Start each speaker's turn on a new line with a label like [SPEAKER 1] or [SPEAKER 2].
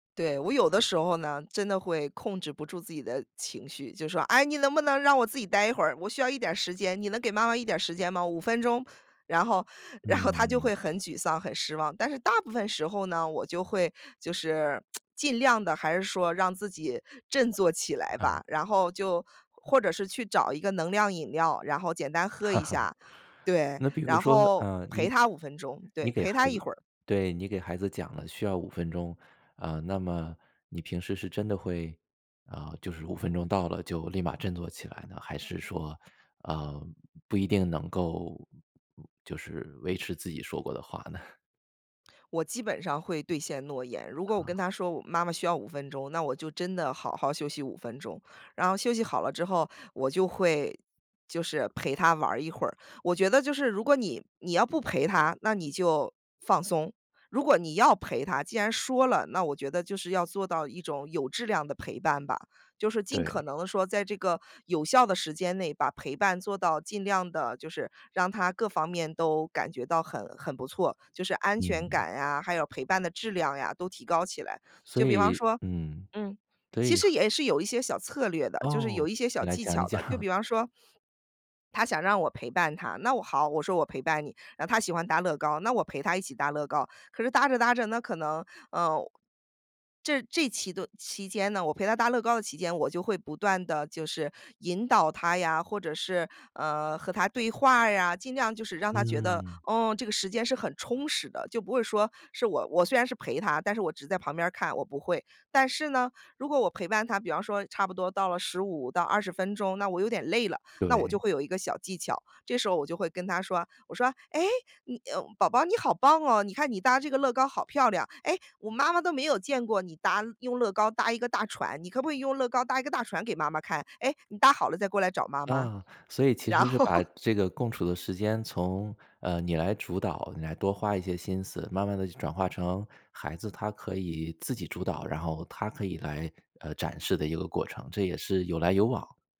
[SPEAKER 1] 对，我有的时候呢，真的会控制不住自己的情绪就说：“哎你能不能让我自己呆一会儿，我需要一点儿时间，你能给妈妈一点儿时间吗？5分钟。“然后然后，她就
[SPEAKER 2] 嗯。
[SPEAKER 1] 会很沮丧、很失望，但是大部分时候呢，我就会，就是，尽量地还是说让自己振作起来吧，
[SPEAKER 2] 啊。
[SPEAKER 1] 然后就或者是去找一个能量饮料，然后简单喝一 下。对，
[SPEAKER 2] 那比如
[SPEAKER 1] 然
[SPEAKER 2] 说，
[SPEAKER 1] 后
[SPEAKER 2] 呃，
[SPEAKER 1] 陪
[SPEAKER 2] 你
[SPEAKER 1] 她5分钟，
[SPEAKER 2] 你
[SPEAKER 1] 对，
[SPEAKER 2] 给
[SPEAKER 1] 陪
[SPEAKER 2] 孩
[SPEAKER 1] 她一
[SPEAKER 2] 子
[SPEAKER 1] 会儿。
[SPEAKER 2] 对，你给孩子讲了需要5分钟，啊，那么，你平时是真的会，啊，就是5分钟到了就立马振作起来呢？还是说，呃，不一定能够，就是，维持自己说过的话呢？
[SPEAKER 1] 我基本上会兑现诺言，如果我
[SPEAKER 2] 啊。
[SPEAKER 1] 跟她说：“妈妈需要5分钟”，那我就真的好好休息5分钟，然后休息好了之后，我就会，就是，陪她玩一会儿。我觉得就是如果你你要不陪她，那你就放松，如果你要陪她，既然说了，那我觉得就是要做到一种有质量的陪伴吧。就是尽
[SPEAKER 2] 对。
[SPEAKER 1] 可能地说在这个有效的时间内把陪伴做到尽量地就是，让她各方面都感觉到很很不错，就是安全
[SPEAKER 2] 嗯。
[SPEAKER 1] 感呀，还有陪伴的质量呀都提高起来。
[SPEAKER 2] 所
[SPEAKER 1] 就比方
[SPEAKER 2] 以
[SPEAKER 1] 说
[SPEAKER 2] 嗯。
[SPEAKER 1] 嗯，
[SPEAKER 2] 所
[SPEAKER 1] 其
[SPEAKER 2] 以
[SPEAKER 1] 实也是有一些小策略的，就是
[SPEAKER 2] 哦，
[SPEAKER 1] 有一些
[SPEAKER 2] 你
[SPEAKER 1] 小
[SPEAKER 2] 来
[SPEAKER 1] 技
[SPEAKER 2] 讲一
[SPEAKER 1] 巧
[SPEAKER 2] 讲。
[SPEAKER 1] 的，就 比方说她想让我陪伴她，那我好，我说：“我陪伴你。”然后她喜欢搭乐高，那我陪她一起搭乐高。可是搭着搭着呢，可能，呃，这这期顿期间呢，我陪她搭乐高的期间，我就会不断地就是引导她呀，或者是，呃和她对话儿呀，尽量就是让她觉得，
[SPEAKER 2] 嗯。
[SPEAKER 1] 嗯这个时间是很充实的。就不会说是我我虽然是陪她，但是我只是在旁边儿看，我不会。但是呢，如果我陪伴她比方说差不多到了15到20分钟，那我有点累了，那我就
[SPEAKER 2] 对。
[SPEAKER 1] 会有一个小技巧，这时候我就会跟她说，我说：“哎，嗯哎，宝宝你好棒哦！你看你搭这个乐高好漂亮。哎，妈妈都没有见过你搭用乐高搭一个大船。你可不可以用乐高搭一个大船给妈妈看？哎，你搭好了再过来找妈妈。”
[SPEAKER 2] 啊，所以其实
[SPEAKER 1] 然
[SPEAKER 2] 是
[SPEAKER 1] 后
[SPEAKER 2] 把 这个共处的时间，从，嗯，你来主导，你来多花一些心思，慢慢地就转化成，孩子她可以自己主导，然后她可以来，呃，展示的一个过程，这也是有来有往。